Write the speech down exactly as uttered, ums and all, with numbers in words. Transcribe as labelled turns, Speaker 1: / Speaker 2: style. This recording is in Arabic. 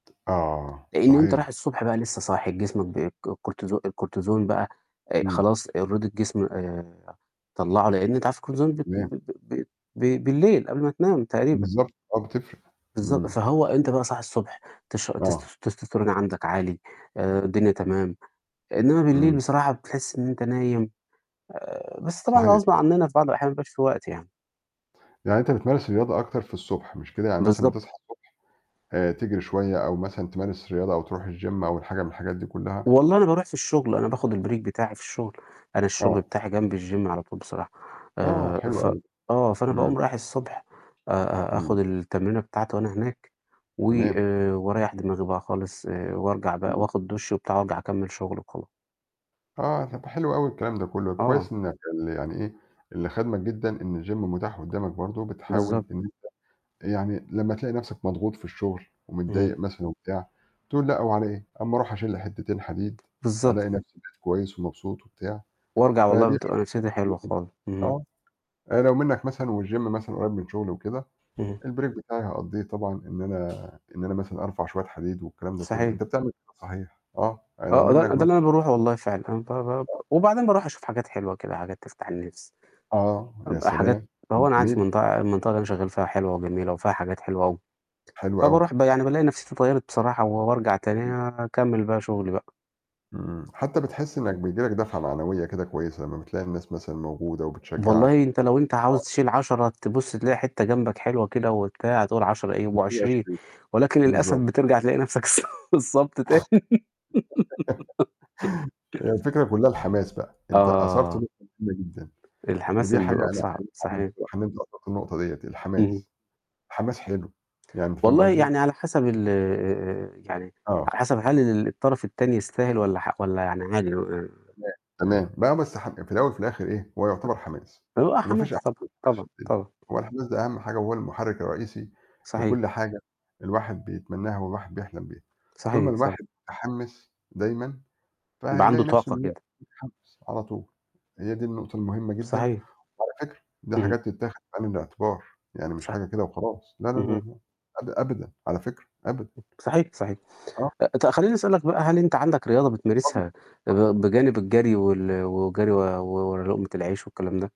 Speaker 1: آه،
Speaker 2: لإن أنت
Speaker 1: صحيح.
Speaker 2: رايح الصبح بقى لسه صاحي، جسمك ب الكو الكورتيزون الكورتيزون بقى أ
Speaker 1: إمم.
Speaker 2: خلاص already الجسم آآ، طلَّعه لإن أنت عارف الكورتيزون ب ب
Speaker 1: تمام.
Speaker 2: ب ب ب بالليل قبل ما تنام تقريبًا.
Speaker 1: بالضبط. آه بتفرق.
Speaker 2: بالضبط.
Speaker 1: إمم.
Speaker 2: فهو أنت بقى صاحي الصبح تش
Speaker 1: آه.
Speaker 2: تس تستستيرون عندك عالي آآ، الدنيا
Speaker 1: إمم.
Speaker 2: تمام، إنما بالليل
Speaker 1: إمم.
Speaker 2: بصراحة بتحس إن أنت نايم آآ، بس طبعًا ده
Speaker 1: صحيح.
Speaker 2: غصب عننا في بعض الأحيان ما بيبقاش فيه وقت يعني.
Speaker 1: يعني أنت بتمارس الرياضة أكتر في الصبح مش كده، يعني مثلًا
Speaker 2: بالضب
Speaker 1: بتصحى الصبح آآ، تجري شوية أو مثلًا تمارس رياضة أو ترُوح الgym أو الحاجة من الحاجات دي كلها؟
Speaker 2: والله أنا بارُوح في الشغل، أنا باخد الbreak بتاعي في الشغل، أنا الشغل
Speaker 1: آه.
Speaker 2: بتاعي جنب الgym على طول بصراحة،
Speaker 1: آه،
Speaker 2: آآ،
Speaker 1: حلو
Speaker 2: ف
Speaker 1: أوي.
Speaker 2: آه. فأنا
Speaker 1: إمم.
Speaker 2: باقوم رايح الصبح آآ، أ أ
Speaker 1: إمم.
Speaker 2: آخد التمرينة بتاعتي وأنا هناك و
Speaker 1: تمام.
Speaker 2: واريّح دماغي بقى خالص، وارجع بقى
Speaker 1: إمم.
Speaker 2: وآخد دُش وبتاع وأرجَع أكمِّل شغل وخلا
Speaker 1: آه، طَب حلو أوي الكلام ده كله، كويس
Speaker 2: آه.
Speaker 1: إنّك ال يعني إيه اللي خادمك جدًا إن الgym متاح قدامك برضه، وبتحاول
Speaker 2: بالضبط.
Speaker 1: إنّك أنت يعني لمّا تلاقي نفْسك مضغوط في الشغل
Speaker 2: اهم.
Speaker 1: ومتضايق مثلًا وبتاع بتقول لأ وعلى إيه أمّا أرُوح أشيلّي حتتين حديد ألاقي
Speaker 2: بالضبط.
Speaker 1: نفْسي بقيت كويس ومبسوط وبتاع.
Speaker 2: وارجَع والله
Speaker 1: فدي
Speaker 2: بتبقى نفسيّتي حلوة
Speaker 1: [unintelligible]
Speaker 2: خالص. إمم.
Speaker 1: آه، لو منَّك مثلًا والgym مثلًا قريّب من شغلي وكده،
Speaker 2: اهم.
Speaker 1: الbreak بتاعي هاقضّيه طبعًا، إن أنا إن أنا مثلًا أرفع شوية حديد والكلام ده كله،
Speaker 2: صحيح.
Speaker 1: أنت بتعمل كده صحيح، آه، أنا لو
Speaker 2: آه، ده
Speaker 1: منّك
Speaker 2: ده
Speaker 1: مث
Speaker 2: اللي أنا بارُوحه والله فعلًا، أنا ب ب ب
Speaker 1: آه.
Speaker 2: وبعدين بارُُوح أشوف حاجات حلوة كده حاجات تفتح النفْس،
Speaker 1: آه. يا
Speaker 2: حاجات
Speaker 1: سلام،
Speaker 2: فهو
Speaker 1: [unintelligible]
Speaker 2: أنا قاعد في
Speaker 1: جميل.
Speaker 2: منطقة المنطقة اللي أنا شغال فيها حلوة وجميلة وفيها حاجات حلوة أوي،
Speaker 1: حلو أوي.
Speaker 2: فبارُوح ب يعني بالاقي نفْسيّتي اتغيّرت بصراحة وبارجَع تاني
Speaker 1: إمم.
Speaker 2: أكمّل بقى شغلي بقى.
Speaker 1: إمم. حتى بتحس إنّك بييجي لك دَفعة معنوية كده كويسة لمّا بتلاقي الناس مثلًا موجودة وبتشجعك.
Speaker 2: والله أنت لو أنت
Speaker 1: آه.
Speaker 2: عاوز تشيل عَشَرة تبُص تلاقي حتّة جنبك حلوة كده وبتاع تقول عَشَرة إيه يبقوا
Speaker 1: بتشيل
Speaker 2: عشرين،
Speaker 1: عشرين.
Speaker 2: ولكن للأسف
Speaker 1: بالضبط.
Speaker 2: بترجَع تلاقي نفْسك [unintelligible] تاني
Speaker 1: هي الفكرة كلها الحماس بقى، أنت أثرت
Speaker 2: آه.
Speaker 1: نقطة مهمة جدًا
Speaker 2: الحماس
Speaker 1: ودي
Speaker 2: اللي
Speaker 1: حاجة
Speaker 2: بيبقى
Speaker 1: أنا
Speaker 2: بصعب.
Speaker 1: أحييك عليها
Speaker 2: صحيح.
Speaker 1: بصراحة، إن أنت أثرت النقطة ديّة،
Speaker 2: اهم.
Speaker 1: الحماس، الحماس حلو، يعني أنت فاهم
Speaker 2: والله
Speaker 1: قصدي.
Speaker 2: يعني على حسب ال يعني
Speaker 1: آه.
Speaker 2: على حسب هل الطرف التاني يستاهل والّا ح والّا يعني عادي
Speaker 1: تمام، تمام. مهما اس في الأول وفي الآخر إيه هو يُعتبر حماس،
Speaker 2: أ [unintelligible]
Speaker 1: وما فيش أهَم
Speaker 2: حماس، طبعًا،
Speaker 1: من الحماس في
Speaker 2: طبعًا،
Speaker 1: الدنيا،
Speaker 2: طبعًا.
Speaker 1: هو الحماس ده أهَم حاجة وهو المحرك الرئيسي
Speaker 2: صحيح.
Speaker 1: لكل حاجة الواحد بيتمناها والواحد بيحلم بيها، طول ما
Speaker 2: صحيح صحي
Speaker 1: الواحد متحمس دايمًا
Speaker 2: ده عنده
Speaker 1: فهيلاقي نفْسه
Speaker 2: طاقة
Speaker 1: إن هو
Speaker 2: كده.
Speaker 1: يتحمِّس على طول، هي دي النقطة المهمة جدًا،
Speaker 2: صحيح.
Speaker 1: وعلى فكرة دي
Speaker 2: اهم.
Speaker 1: حاجات تتاخد في عين الاعتبار، يعني مش
Speaker 2: صح
Speaker 1: حاجة كده وخلاص، لا، لا،
Speaker 2: اهم.
Speaker 1: لا، أب أبدًا على فكرة أبدًا.
Speaker 2: آه. صحيح صحيح.
Speaker 1: آه.
Speaker 2: ط خلّيني أسألك بقى هل أنت عندك رياضة
Speaker 1: اتفضل،
Speaker 2: بتمارسها
Speaker 1: اتفضل.
Speaker 2: بجانب الجري وال والجري و ورا لقمة العيش والكلام ده؟